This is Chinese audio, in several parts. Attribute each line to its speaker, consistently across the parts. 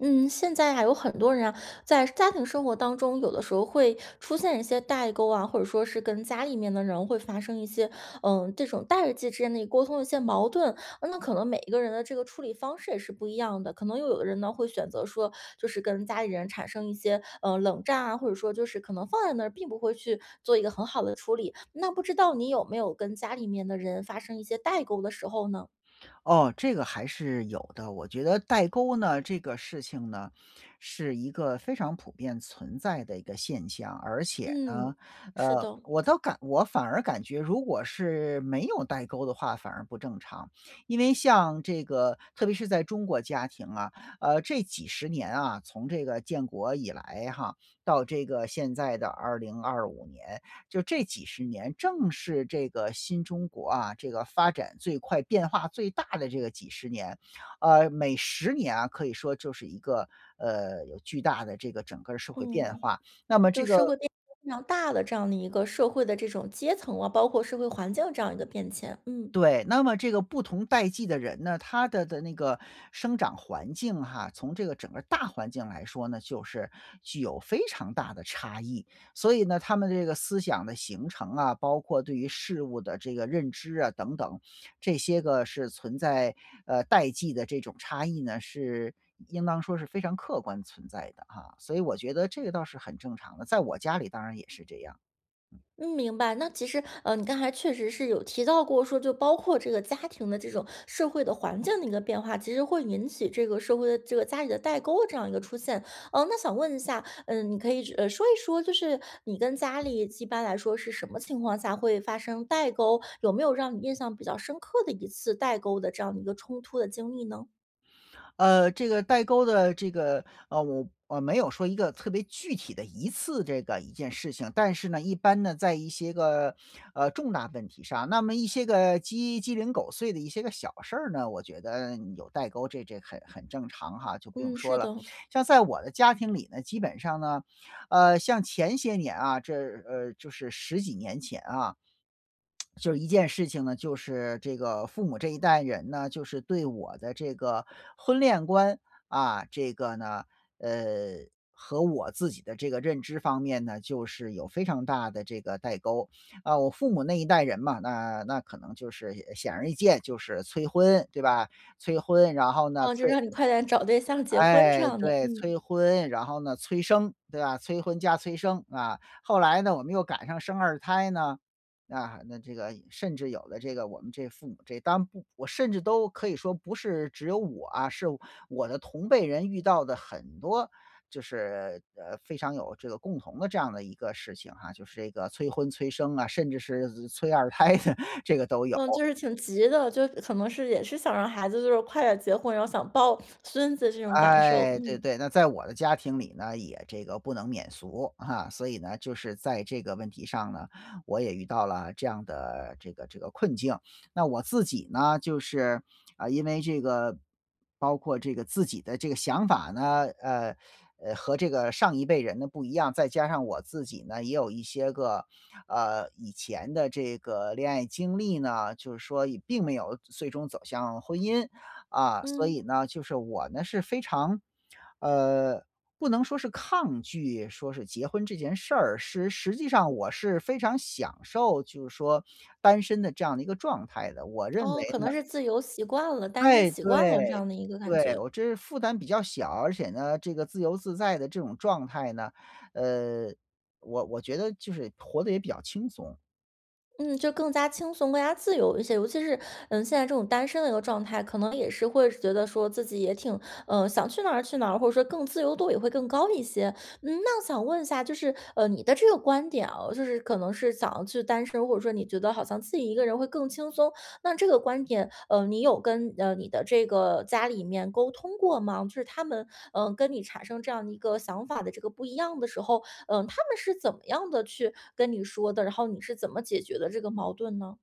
Speaker 1: 嗯，现在呀，有很多人呀，在家庭生活当中有的时候会出现一些代沟啊，或者说是跟家里面的人会发生一些，呃，这种代际之间的一沟通的一些矛盾。那可能每一个人的这个处理方式也是不一样的，可能又有的人呢会选择说，就是跟家里人产生一些，呃，冷战啊，或者说就是可能放在那儿并不会去做一个很好的处理，那不知道你有没有跟家里面的人发生一些代沟的时候呢？
Speaker 2: 哦，这个还是有的，我觉得代沟呢，这个事情呢，是一个非常普遍存在的一个现象。而且呢，
Speaker 1: 嗯，是
Speaker 2: 呃，
Speaker 1: 的。
Speaker 2: 我倒感我反而感觉如果是没有代沟的话，反而不正常。因为像这个特别是在中国家庭啊，呃，这几十年啊，从这个建国以来哈到这个现在的2025年，就这几十年，正是这个新中国啊，这个发展最快、变化最大的这个几十年啊，每10年啊，可以说就是一个，呃，有巨大的这个整个儿社会变
Speaker 1: 嗯，
Speaker 2: 化，那么这
Speaker 1: 就是社
Speaker 2: 个
Speaker 1: 会变化非常大的这样的一个社会的这种阶层啊，包括社会环境这样的一个变迁。嗯。
Speaker 2: 对，那么这个不同代际的人呢，他的的那个生长环境哈，从这个整个大环境来说呢，就是具有非常大的差异。所以呢，他们这个思想的形成啊，包括对于事物的这个认知啊等等，这些个是存在，呃，代际的这种差异呢，是应当说是非常客观存在的啊，所以我觉得这个倒是很正常的，在我家里当然也是这样。
Speaker 1: 嗯，明白，那其实，呃，你刚才确实是有提到过说就包括这个家庭的这种社会的环境的一个变化，其实会引起这个社会的这个家里的代沟这样的一个出现，呃，那想问一下，呃，你可以，呃，说一说就是你跟家里几一般来说是什么情况下会发生代沟？有没有让你印象比较深刻的一次代沟的这样的一个冲突的经历呢？
Speaker 2: 呃，这个代沟的这个，呃，我我没有说一个特别具体的一次这个一件事情，但是呢，一般呢，在一些个，呃，重大问题上，那么一些个鸡鸡零狗碎的一些个小事儿呢，我觉得有代沟这这很很正常哈，就不用
Speaker 1: 嗯，
Speaker 2: 说
Speaker 1: 是
Speaker 2: 了。
Speaker 1: 的。
Speaker 2: 像在我的家庭里呢，基本上呢，呃，像前些年啊，这，呃，就是十几年前啊。就是一件事情呢，就是这个父母这一代人呢，就是对我的这个婚恋观，啊，这个呢，呃，和我自己的这个认知方面呢，就是有非常大的这个代沟。啊，我父母那一代人嘛，那那可能就是显而易见，就是催婚，对吧？催婚，然后呢，
Speaker 1: 哦，就
Speaker 2: 催
Speaker 1: 让你快点找对象结婚这
Speaker 2: 哎，
Speaker 1: 样的，
Speaker 2: 对，
Speaker 1: 嗯。
Speaker 2: 催婚，然后呢，催生，对吧？催婚加催生，啊。后来呢，我们又赶上生二胎呢，啊，那这个甚至有了这个我们这父母这当然不我甚至都可以说不是只有我啊，是我的同辈人遇到的很多就是，呃，非常有这个共同的这样的一个事情哈，就是这个催婚催生啊，甚至是催二胎的这个都有。
Speaker 1: 嗯，就是挺急的，就可能是也是想让孩子就是快点儿结婚，然后想抱孙子这种感受，
Speaker 2: 哎，对
Speaker 1: 嗯。
Speaker 2: 对，那在我的家庭里呢，也这个不能免俗。啊，所以呢，就是在这个问题上呢，我也遇到了这样的这个这个困境。那我自己呢，就是，啊，因为这个包括这个自己的这个想法呢，呃呃，和这个上一辈人的不一样，再加上我自己呢，也有一些个，呃，以前的这个恋爱经历呢，就是说也并没有最终走向婚姻。啊，所
Speaker 1: 嗯。
Speaker 2: 以呢，就是我呢是非常，呃，不能说是抗拒，说是结婚这件事儿，是实际上我是非常享受，就是说单身的这样的一个状态的，我认为
Speaker 1: 哦，可
Speaker 2: 呢
Speaker 1: 能是自由习惯了，单身
Speaker 2: 哎，
Speaker 1: 习惯了这
Speaker 2: 对，
Speaker 1: 样的一个感
Speaker 2: 对。
Speaker 1: 觉。
Speaker 2: 我这是负担比较小，而且呢，这个自由自在的这种状态呢，呃，我我觉得就是活得也比较轻松。
Speaker 1: 嗯，就更加轻松，更加自由一些，尤其是，呃，现在这种单身的一个状态，可能也是会觉得说自己也挺，呃，想去哪儿去哪儿，或者说更自由度也会更高一些。嗯，那我想问一下，就是，呃，你的这个观点哦，就是可能是想要去单身，或者说你觉得好像自己一个人会更轻松，那这个观点，呃，你有跟，呃，你的这个家里面沟通过吗？就是他们，呃，跟你产生这样的一个想法的这个不一样的时候，嗯，他们是怎么样地去跟你说的？然后你是怎么解决的这个矛盾呢？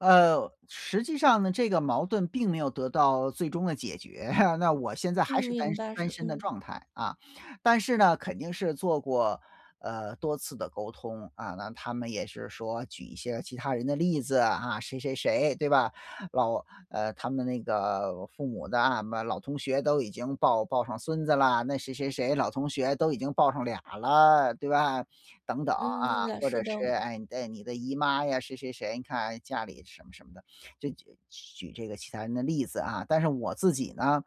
Speaker 2: 呃，实际上呢，这个矛盾并没有得到最终的解决，那我现在还
Speaker 1: 嗯，
Speaker 2: 是单
Speaker 1: 明
Speaker 2: 身
Speaker 1: 白，
Speaker 2: 单
Speaker 1: 是，
Speaker 2: 身的
Speaker 1: 嗯。
Speaker 2: 状态啊，但是呢，肯定是做过，呃，多次的沟通，啊。那他们也是说举一些其他人的例子啊，谁谁谁，对吧？老呃，他们那个父母的啊，什么老同学都已经抱抱上孙子了，那谁谁谁老同学都已经报上俩儿了，对吧？等等，
Speaker 1: 嗯，
Speaker 2: 啊，
Speaker 1: 啦
Speaker 2: 或
Speaker 1: 是
Speaker 2: 者
Speaker 1: 的。
Speaker 2: 是，哎，你的你的姨妈呀，谁谁谁，你看，哎，家里什么什么的，就举举这个其他人的例子啊。但是我自己呢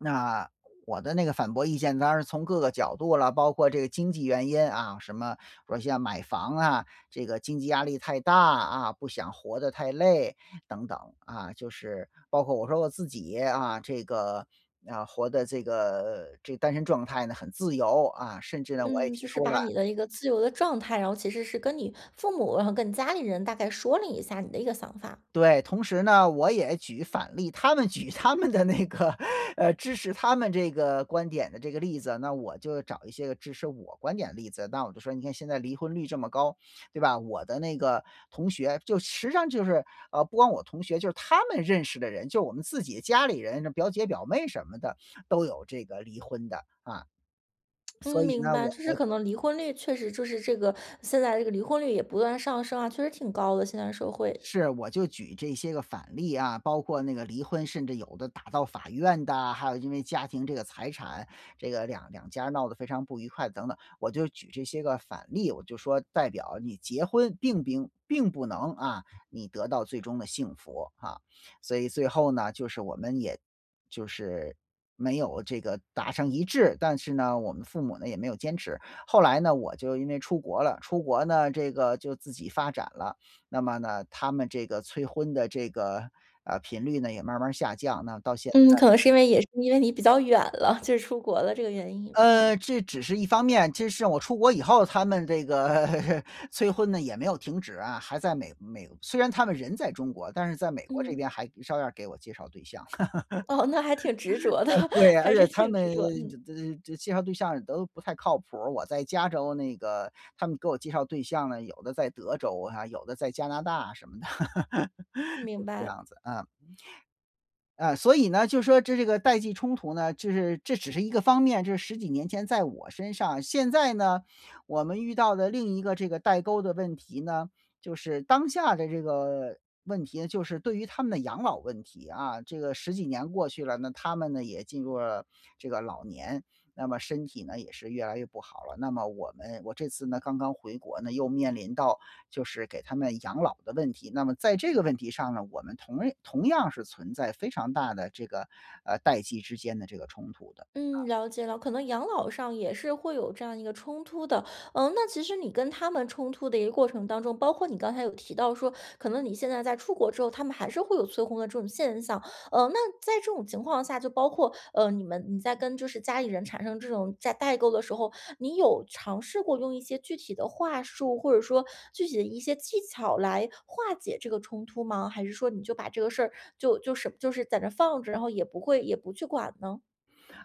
Speaker 2: 那，我的那个反驳意见，当然从各个角度了，包括这个经济原因啊，什么比如像买房啊，这个经济压力太大啊，不想活得太累等等，啊，就是，包括我说我自己，啊，这个，啊，活得这个这个单身状态呢，很自由啊，甚至呢，我也
Speaker 1: 嗯，
Speaker 2: 提
Speaker 1: 就是
Speaker 2: 出
Speaker 1: 把
Speaker 2: 了
Speaker 1: 你的一个自由的状态，然后其实是跟你父母，然后跟你家里人大概说了一下你的一个想法。
Speaker 2: 对，同时呢，我也举反例，他们举他们的那个，呃，支持他们这个观点的这个例子，那我就找一些个支持我观点的例子。那我就说你看现在离婚率这么高，对吧？我的那个同学，就实际上就是，呃，不光我同学，就是他们认识的人，就我们自己家里人的表姐表妹什么的，都有这个离婚的，啊。所
Speaker 1: 嗯，
Speaker 2: 以
Speaker 1: 明
Speaker 2: 呢，
Speaker 1: 白，
Speaker 2: 我
Speaker 1: 就是
Speaker 2: 我
Speaker 1: 可能离婚率确实就是这个，现在这个离婚率也不断上升啊，确实挺高的，现在社会。
Speaker 2: 是，我就举这些个反例啊，包括那个离婚，甚至有的打到法院的，还有因为家庭这个财产，这个两两家闹得非常不愉快等等。我就举这些个反例，我就说代表你结婚并并并不能，啊，你得到最终的幸福，啊。所以最后呢，就是我们也就是没有这个达成一致，但是呢，我们父母呢也没有坚持。后来呢，我就因为出国了，出国呢，这个就自己发展了，那么呢，他们这个催婚的这个，呃，频率呢，也慢慢儿下降，那到现
Speaker 1: 嗯，
Speaker 2: 在。
Speaker 1: 可能是因为也是因为你比较远了，就是出国了这个原因。嗯。
Speaker 2: 呃，这只是一方面，这是我出国以后，他们这个催婚呢也没有停止啊，还在美美虽然他们人在中国，但是在美国这
Speaker 1: 嗯。
Speaker 2: 边还照样儿给我介绍对象。
Speaker 1: 哦，那还挺执着的，
Speaker 2: 对，而
Speaker 1: 还是
Speaker 2: 且他
Speaker 1: 挺执
Speaker 2: 们
Speaker 1: 着，
Speaker 2: 就
Speaker 1: 嗯。
Speaker 2: 就就介绍对象儿都不太靠谱儿，我在加州那个，他们给我介绍对象呢，有的在德州啊，有的在加拿大什么的，就
Speaker 1: 明
Speaker 2: 是这
Speaker 1: 白。
Speaker 2: 样子，啊。嗯，所以呢，就说这这个代际冲突呢，就是这只是一个方面，就是十几年前在我身上，现在呢，我们遇到的另一个这个代沟的问题呢，就是当下的这个问题呢，就是对于他们的养老问题。啊，这个十几年过去了呢，他们呢，也进入了这个老年，那么身体呢也是越来越不好了，那么我们我这次呢，刚刚回国呢，又面临到就是给他们养老的问题。那么在这个问题上呢，我们同认同样是存在非常大的这个，呃，代际之间的这个冲突的，啊。
Speaker 1: 嗯，了解了，可能养老上也是会有这样一个冲突的。嗯，那其实你跟他们冲突的一个过程当中，包括你刚才有提到说，可能你现在在出国之后，他们还是会有催婚的这种现象。呃，那在这种情况下就包括，呃，你们你在跟就是家里人产生这种代代沟的时候，你有尝试过用一些具体的话术，或者说具体的一些技巧来化解这个冲突吗？还是说你就把这个事儿就就是就是在那儿放着，然后也不会也不去管呢？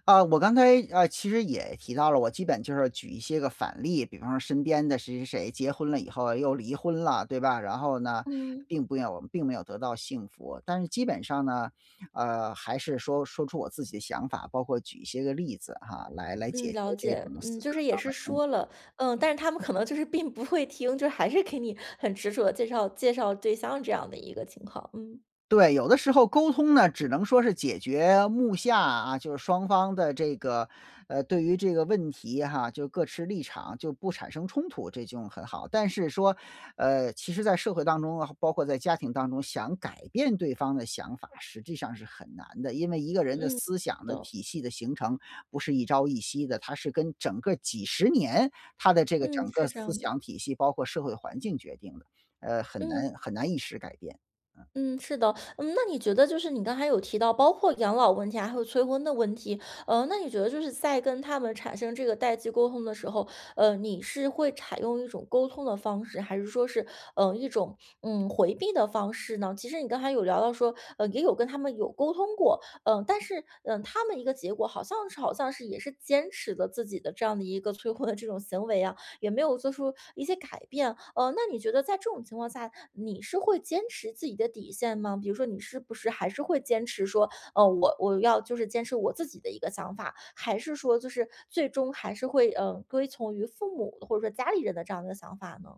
Speaker 2: 啊，我刚才，呃，其实也提到了，我基本就是举一些个反例，比方说身边的谁谁谁结婚了以后又离婚了，对吧？然后呢，
Speaker 1: 嗯。
Speaker 2: 并不有并没有得到幸福，但是基本上呢，呃，还是说，说出我自己的想法，包括举一些个例子啊，来来解
Speaker 1: 嗯，
Speaker 2: 决
Speaker 1: 了
Speaker 2: 这种
Speaker 1: 解。
Speaker 2: 思
Speaker 1: 嗯，就
Speaker 2: 想
Speaker 1: 是也
Speaker 2: 上
Speaker 1: 是
Speaker 2: 的冲
Speaker 1: 说
Speaker 2: 突。
Speaker 1: 了，嗯，但是他们可能就是并不会听，就是还是给你很执着地介绍介绍对象这样的一个情况，嗯。
Speaker 2: 对，有的时候沟通呢，只能说是解决目下啊，就是双方的这个，呃，对于这个问题哈，就各持立场就不产生冲突，这就很好。但是说，呃，其实在社会当中啊，包括在家庭当中，想改变对方的想法，实际上是很难的。因为一个人的
Speaker 1: 嗯，
Speaker 2: 思
Speaker 1: 是
Speaker 2: 想的
Speaker 1: 的。
Speaker 2: 体系的形成不是一朝一夕的，它是跟整个几十年他的这个
Speaker 1: 嗯，
Speaker 2: 整个
Speaker 1: 是这
Speaker 2: 思
Speaker 1: 样的。
Speaker 2: 想体系，包括社会环境决定的，呃，很难
Speaker 1: 嗯。
Speaker 2: 很难一时改变，嗯。
Speaker 1: 嗯，是的。嗯，那你觉得就是你刚才有提到，包括养老问题还会有催婚的问题，呃，那你觉得就是在跟他们产生这个代际沟通的时候，呃，你是会采用一种沟通的方式？还是说是，呃，一种，嗯，回避的方式呢？其实你刚才有聊到说，呃，也有跟他们有沟通过，呃，但是，呃，他们一个结果好像是好像是也是坚持的自己的这样的一个催婚的 这种行为啊，也没有做出一些改变。呃，那你觉得在这种情况下，你是会坚持自己的底线吗？比如说你是不是还是会坚持说，呃，我我要就是坚持我自己的一个想法？还是说就是最终还是会，呃，归从于父母或者说家里人的这样的想法呢？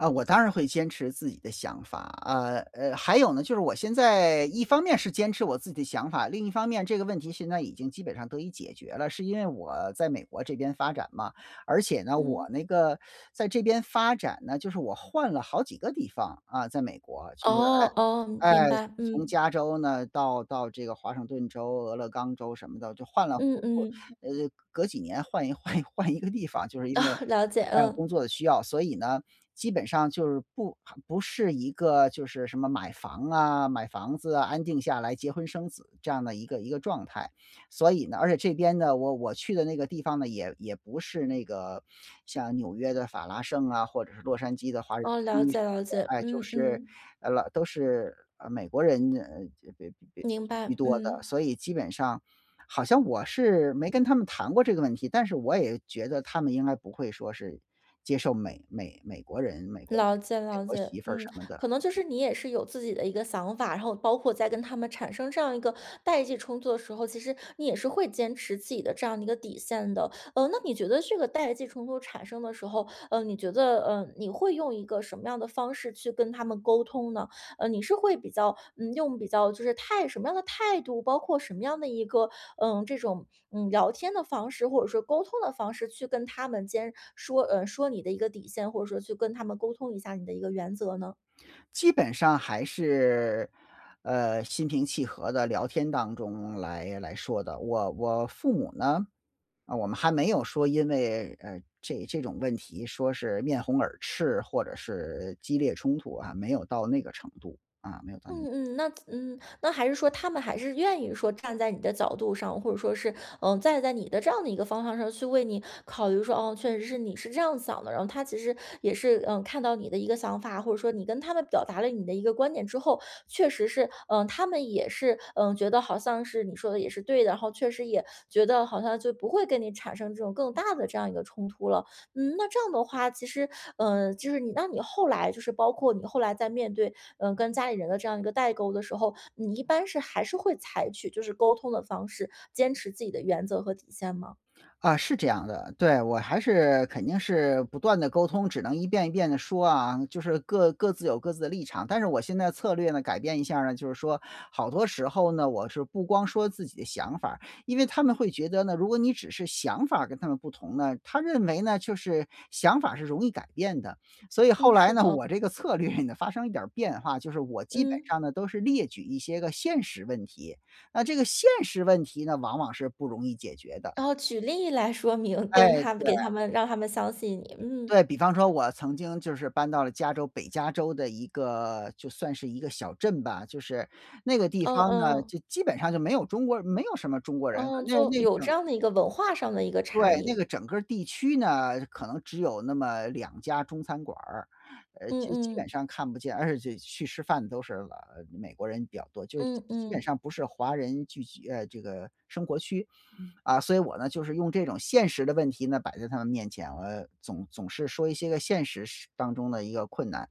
Speaker 2: 啊，我当然会坚持自己的想法，呃呃，还有呢，就是我现在一方面是坚持我自己的想法，另一方面这个问题现在已经基本上得以解决了。是因为我在美国这边发展嘛，而且呢我
Speaker 1: 嗯。
Speaker 2: 那个在这边发展呢，就是我换了好几个地方，啊，在美国就是
Speaker 1: 哦，哦，
Speaker 2: 哎，
Speaker 1: 明
Speaker 2: 哎，
Speaker 1: 白，
Speaker 2: 从
Speaker 1: 嗯。
Speaker 2: 加州呢，到到这个华盛顿州、俄勒冈州什么的，就换了
Speaker 1: 嗯
Speaker 2: 好，
Speaker 1: 嗯。
Speaker 2: 呃，隔几年换一换一换一个地方，就是因
Speaker 1: 哦，
Speaker 2: 为，
Speaker 1: 了解，
Speaker 2: 呃，工
Speaker 1: 嗯。
Speaker 2: 作的需要。所以呢，基本上就是不不是一个就是什么买房啊，买房子啊，安定下来，结婚生子这样的一个一个状态。所以呢而且这边呢，我我去的那个地方呢，也也不是那个像纽约的法拉盛啊，或者是洛杉矶的华人
Speaker 1: 哦，
Speaker 2: 区什
Speaker 1: 了解了解，
Speaker 2: 么的，哎，就
Speaker 1: 嗯
Speaker 2: 是，
Speaker 1: 嗯。
Speaker 2: 老都是，呃，美国人，呃，别别别居
Speaker 1: 明
Speaker 2: 居
Speaker 1: 白，
Speaker 2: 多的，
Speaker 1: 嗯。
Speaker 2: 所以基本上好像我是没跟他们谈过这个问题，但是我也觉得他们应该不会说是接受美美美国人，美国媳，
Speaker 1: 了解
Speaker 2: 美
Speaker 1: 了
Speaker 2: 国
Speaker 1: 解，
Speaker 2: 媳妇儿什
Speaker 1: 嗯，
Speaker 2: 么的。
Speaker 1: 可能就是你也是有自己的一个想法，然后包括在跟他们产生这样一个代际冲突的时候，其实你也是会坚持自己的这样的一个底线的。呃，那你觉得这个代际冲突产生的时候，呃，你觉得，呃，你会用一个什么样的方式去跟他们沟通呢？呃，你是会比较，嗯，用比较就是态什么样的态度，包括什么样的一个，呃，这种，嗯，聊天的方式，或者说沟通的方式去跟他们间说呃，说你的一个底线，或者说去跟他们沟通一下你的一个原则呢？
Speaker 2: 基本上还是，呃，心平气和的聊天当中来来说的，我我父母呢，我们还没有说因为，呃，这这种问题说是面红耳赤或者是激烈冲突啊，没有到那个程度，啊，没有到那个程度。
Speaker 1: 嗯嗯。那，嗯，那还是说他们还是愿意说站在你的角度上，或者说是，呃，站在你的这样的一个方向上去为你考虑说，哦，确实是你是这样想的。然后他其实也是，呃，看到你的一个想法，或者说你跟他们表达了你的一个观点之后，确实是，呃，他们也是，呃，觉得好像是你说的也是对的，然后确实也觉得好像就不会跟你产生这种更大的这样一个冲突了。嗯，那这样的话，其实，呃，就是你，那你后来就是包括你后来在面对，呃，跟家里人的这样一个代沟的时候，你一般是还是会采取就是沟通的方式，坚持自己的原则和底线吗？
Speaker 2: 啊，是这样的。对，我还是肯定是不断地沟通，只能一遍一遍地说啊，就是各各自有各自的立场。但是我现在策略呢，改变一下儿呢，就是说好多时候呢，我是不光说自己的想法儿，因为他们会觉得呢，如果你只是想法儿跟他们不同呢，他认为呢就是想法是容易改变的。所以后
Speaker 1: 嗯，
Speaker 2: 来
Speaker 1: 是
Speaker 2: 呢，
Speaker 1: 的
Speaker 2: 我这个策略呢发生一点儿变化，就是我基本
Speaker 1: 嗯。
Speaker 2: 上呢都是列举一些个现实问题，那这个现实问题呢，往往是不容易解决的。
Speaker 1: 然后举例来说明，
Speaker 2: 哎，
Speaker 1: 跟他们
Speaker 2: 对。
Speaker 1: 给他们让他们相信你，嗯。
Speaker 2: 对，比方说我曾经就是搬到了加州北加州的一个就算是一个小镇吧，就是那个地
Speaker 1: 嗯
Speaker 2: 方呢，
Speaker 1: 嗯。
Speaker 2: 就基本上就没有中国人，没有什么中国人，
Speaker 1: 嗯，
Speaker 2: 那
Speaker 1: 就
Speaker 2: 那
Speaker 1: 有
Speaker 2: 种。
Speaker 1: 这样的一个文化上的一个差
Speaker 2: 对，那个
Speaker 1: 异。
Speaker 2: 整个地区呢，可能只有那么2家中餐馆儿，呃，
Speaker 1: 嗯
Speaker 2: 基基本
Speaker 1: 嗯。
Speaker 2: 上看不见，而且且去吃饭都是，呃，美国人比较多，就是基
Speaker 1: 嗯
Speaker 2: 基本
Speaker 1: 嗯。
Speaker 2: 上不是华人聚集，呃，这个生活区。啊，所以我呢，就是用这种现实的问题呢，摆在他们面前，我总总是说一些个现实实当中的一个困难。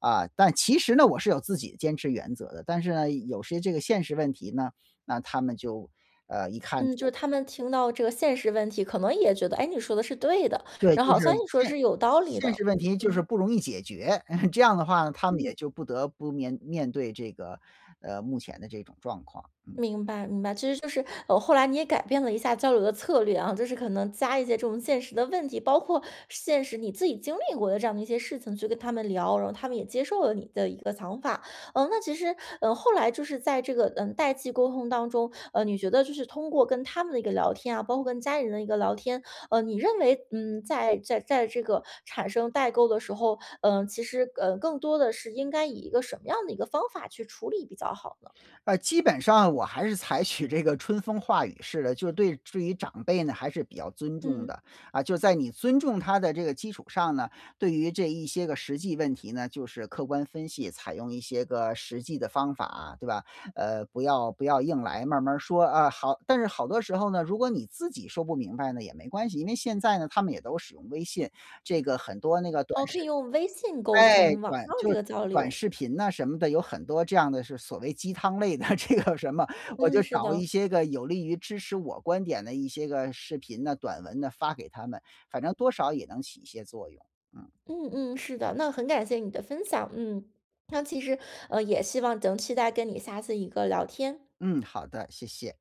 Speaker 2: 啊，但其实呢，我是有自己的坚持原则的，但是呢，有些这个现实问题呢，那他们就呃，一看那
Speaker 1: 嗯，就
Speaker 2: 就
Speaker 1: 是他们听到这个现实问题，可能也觉得：“哎，你说的是对的，
Speaker 2: 对，
Speaker 1: 然
Speaker 2: 就
Speaker 1: 后好
Speaker 2: 是
Speaker 1: 像你说的
Speaker 2: 现
Speaker 1: 是有道理
Speaker 2: 现
Speaker 1: 的。
Speaker 2: 实问
Speaker 1: “嗯
Speaker 2: 题就是
Speaker 1: 嗯。
Speaker 2: 不容易解决。这样的话呢，他们也
Speaker 1: 嗯。
Speaker 2: 就不得不面面对这个，呃，目前的这种状况，嗯。
Speaker 1: 明白明白，其实就是，呃，后来你也改变了一下交流的策略啊，就是可能加一些这种现实的问题，包括现实你自己经历过的这样的一些事情去跟他们聊，然后他们也接受了你的一个想法。呃，那其实，呃，后来就是在这个，呃，代际沟通当中，呃，你觉得就是通过跟他们的一个聊天啊，包括跟家人的一个聊天，呃，你认为，嗯，在在在这个产生代沟的时候，呃，其实，呃，更多的是应该以一个什么样的一个方法去处理比较好呢？
Speaker 2: 呃，基本上我还是采取这个春风化雨式的，就对对于长辈呢，还是比较尊重
Speaker 1: 嗯。
Speaker 2: 的。啊，就在你尊重他的这个基础上呢，对于这一些个实际问题呢，就是客观分析，采用一些个实际的方法，对吧？呃，不要不要硬来，慢慢儿说，啊好但是好多时候呢，如果你自己说不明白呢，也没关系，因为现在呢，他们也都使用微信，这个很多那个短
Speaker 1: 哦，可以
Speaker 2: 视
Speaker 1: 用微信沟
Speaker 2: 哎，
Speaker 1: 通，网
Speaker 2: 短
Speaker 1: 络
Speaker 2: 就
Speaker 1: 这
Speaker 2: 是
Speaker 1: 个交
Speaker 2: 短
Speaker 1: 流。
Speaker 2: 视频呐什么的，有很多这样的是所谓鸡汤类的这个什么。我
Speaker 1: 嗯，
Speaker 2: 就
Speaker 1: 是
Speaker 2: 找一
Speaker 1: 的。
Speaker 2: 些个有利于支持我观点的一些个视频呢，短文呢，发给他们，反正多少也能起一些作用。嗯。
Speaker 1: 嗯嗯，是的。那很感谢你的分享，嗯，那其实，呃，也希望能期待跟你下次一个聊天。
Speaker 2: 嗯，好的，谢谢。